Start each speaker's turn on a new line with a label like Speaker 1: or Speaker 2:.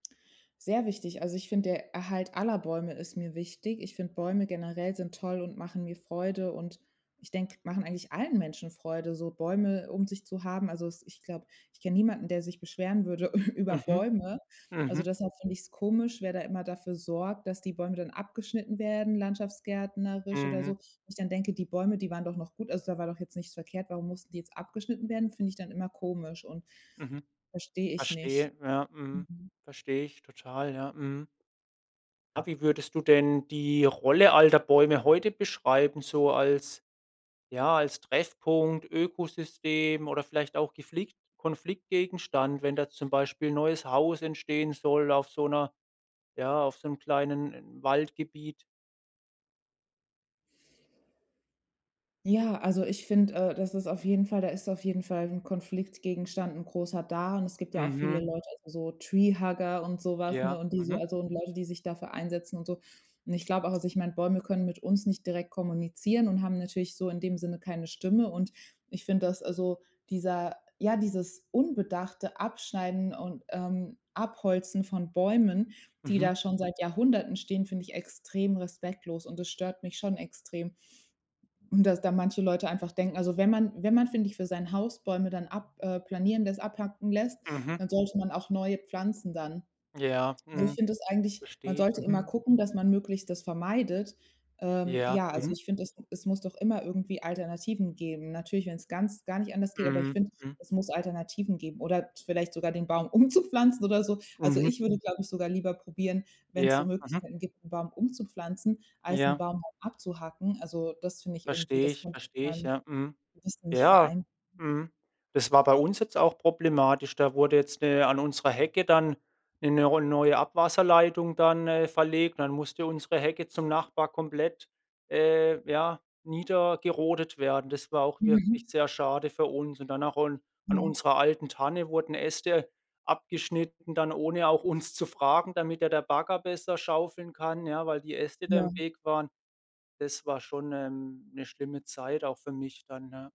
Speaker 1: Sehr wichtig. Also, ich finde, der Erhalt aller Bäume ist mir wichtig. Ich finde, Bäume generell sind toll und machen mir Freude und ich denke, machen eigentlich allen Menschen Freude, so Bäume um sich zu haben. Also es ich glaube, ich kenn niemanden, der sich beschweren würde über
Speaker 2: Mhm.
Speaker 1: Bäume. Also,
Speaker 2: Mhm.
Speaker 1: deshalb finde ich's komisch, wer da immer dafür sorgt, dass die Bäume dann abgeschnitten werden, landschaftsgärtnerisch oder so.
Speaker 2: Mhm.
Speaker 1: Wo ich dann denke: „Die Bäume, die waren doch noch gut, also da war doch jetzt nichts verkehrt. Warum mussten die jetzt abgeschnitten werden?" Finde ich dann immer komisch und
Speaker 2: Mhm.
Speaker 1: verstehe ich nicht.
Speaker 2: Verstehe. Ja, mhm.
Speaker 1: Mhm.
Speaker 2: Verstehe ich total. Ja, mhm. Ja wie würdest du denn die Rolle alter Bäume heute beschreiben? So als ja, als Treffpunkt, Ökosystem oder vielleicht auch geflickt Konfliktgegenstand, wenn da zum Beispiel neues Haus entstehen soll auf so 'ner ja, auf so 'n kleinen Waldgebiet.
Speaker 1: Ja, also ich finde äh, das ist auf jeden Fall da ist auf jeden Fall 'n Konfliktgegenstand 'n großer da und es gibt ja auch viele
Speaker 2: Mhm.
Speaker 1: Leute, also so Treehugger und so was, ne,
Speaker 2: Ja,
Speaker 1: und die so
Speaker 2: mhm.
Speaker 1: also und Leute, die sich dafür einsetzen und so. Und ich glaube auch, also ich meine, Bäume können mit uns nicht direkt kommunizieren und haben natürlich so in dem Sinne keine Stimme. Und ich finde, dass also dieser ja, dieses unbedachte Abschneiden und ähm, Abholzen von Bäumen, die
Speaker 2: Mhm.
Speaker 1: da schon seit Jahrhunderten stehen, find ich extrem respektlos und das stört mich schon extrem. Und dass da manche Leute einfach denken, also wenn man wenn man, finde ich, für sein Haus Bäume dann ab äh, planieren lässt, abhacken lässt,
Speaker 2: Mhm.
Speaker 1: dann sollte man auch neue pflanzen dann.
Speaker 2: Ja,
Speaker 1: Und ich
Speaker 2: mhm.
Speaker 1: finde das eigentlich man
Speaker 2: Verstehe ich,
Speaker 1: sollte immer
Speaker 2: mhm.
Speaker 1: gucken, dass man möglichst das vermeidet ähm,
Speaker 2: Ja,
Speaker 1: ja, also
Speaker 2: mhm.
Speaker 1: ich finde, es es muss doch immer irgendwie Alternativen geben. Natürlich, wenn's ganz gar nicht anders geht, aber ich
Speaker 2: Mhm,
Speaker 1: finde,
Speaker 2: mhm.
Speaker 1: es muss Alternativen geben oder vielleicht sogar den Baum umzupflanzen oder so. Also
Speaker 2: Mhm.
Speaker 1: ich würde, glaube ich, sogar lieber probieren, wenn's so
Speaker 2: Ja, mhm.
Speaker 1: Möglichkeiten gibt, 'n Baum umzupflanzen, als 'n
Speaker 2: Ja.
Speaker 1: Baum abzuhacken. Also, das finde ich irgendwie,
Speaker 2: Verstehe
Speaker 1: das
Speaker 2: ich,
Speaker 1: könnte ich mit
Speaker 2: verstehe ich.
Speaker 1: meinem
Speaker 2: Ja. Mhm.
Speaker 1: Gewissen nicht
Speaker 2: Ja.
Speaker 1: vereinbaren.
Speaker 2: Mhm. Das war bei uns jetzt auch problematisch. Da wurde jetzt ne an unserer Hecke dann 'ne 'ne ro neue Abwasserleitung dann, äh, verlegt. Dann musste unsere Hecke zum Nachbar komplett äh, ja, niedergerodet werden. Das war auch wirklich
Speaker 1: Mhm.
Speaker 2: sehr schade für uns. Und danach un an
Speaker 1: Ja.
Speaker 2: unserer alten Tanne wurden Äste abgeschnitten dann, ohne auch uns zu fragen, damit da der Bagger besser schaufeln kann, ja, weil die Äste da im
Speaker 1: Ja.
Speaker 2: Weg waren. Das war schon ähm 'ne schlimme Zeit auch für mich dann, ja.